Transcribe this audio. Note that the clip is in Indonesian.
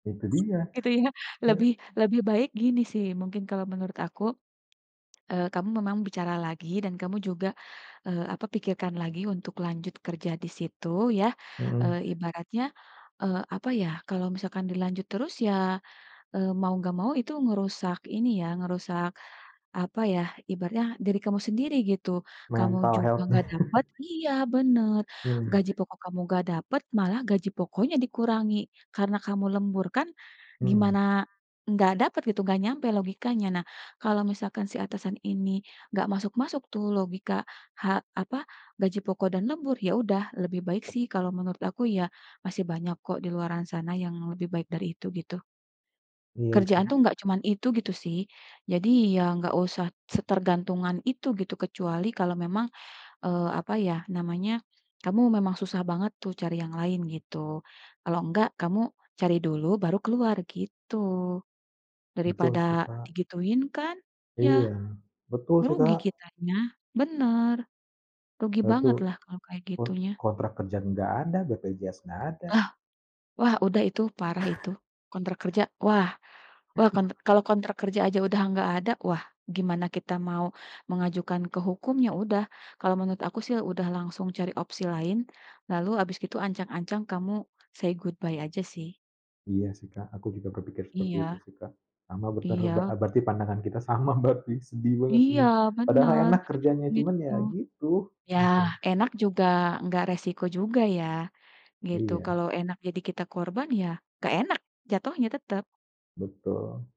Itu dia. Gitu ya? Lebih [unintelligible] lebih baik gini sih mungkin kalau menurut aku, eee, kamu memang bicara lagi dan kamu juga, eee, apa, pikirkan lagi untuk lanjut kerja disitu, ya. Mhm. Eee, ibaratnya, eee, apa ya, kalau misalkan dilanjut terus ya, eee, mau nggak mau itu ngerusak ini ya, ngerusak, apa ya, ibaratnya diri kamu sendiri, gitu. Kamu Mental juga health. nggak dapet iya, bener, Mhm. gaji pokok kamu nggak dapet, malah gaji pokoknya dikurangi. Karena kamu lembur kan, Mhm. gimana, nggak dapet gitu, nggak nyampe logikanya. Nah, kalau misalkan si atasan ini nggak masuk-masuk tuh logika ha apa, gaji pokok dan lembur, ya udah lebih baik sih kalau menurut aku ya, masih banyak kok di luaran sana yang lebih baik dari itu, gitu. Iya, sih. Kerjaan tuh nggak cuman itu, gitu sih, jadi ya nggak usah setergantungan itu, gitu, kecuali kalau memang, eee, apa ya namanya, kamu memang susah banget tuh cari yang lain, gitu, kalau nggak, kamu cari dulu baru keluar, gitu. Betul Daripada sih, Kak. digituin kan, ya, Iya, betul sih, rugi Kak. kitanya, bener, rugi banget Itu, lah kalau kayak kon gitu, ya. kontrak kerja nggak ada, BPJS nggak ada. Ah. Wah, udah itu parah itu, kontrak kerja. Wah, wah kon kalau kontrak kerja aja udah nggak ada, wah, gimana kita mau mengajukan ke hukum, ya udah, kalau menurut aku sih udah langsung cari opsi lain, lalu habis gitu ancang-ancang kamu say goodbye aja sih. Iya, sih, Kak, aku juga berpikir seperti Iya. itu sih, Kak. Sama be berar Iya. berarti pandangan kita sama berarti, sedih banget Iya, ini. Padahal bener, enak kerjanya, cuman begitu. ya gitu, Ya, mhm. enak juga enggak resiko juga ya, gitu. Iya. Kalau enak jadi kita korban, ya nggak enak jatuhnya tetep. Betul.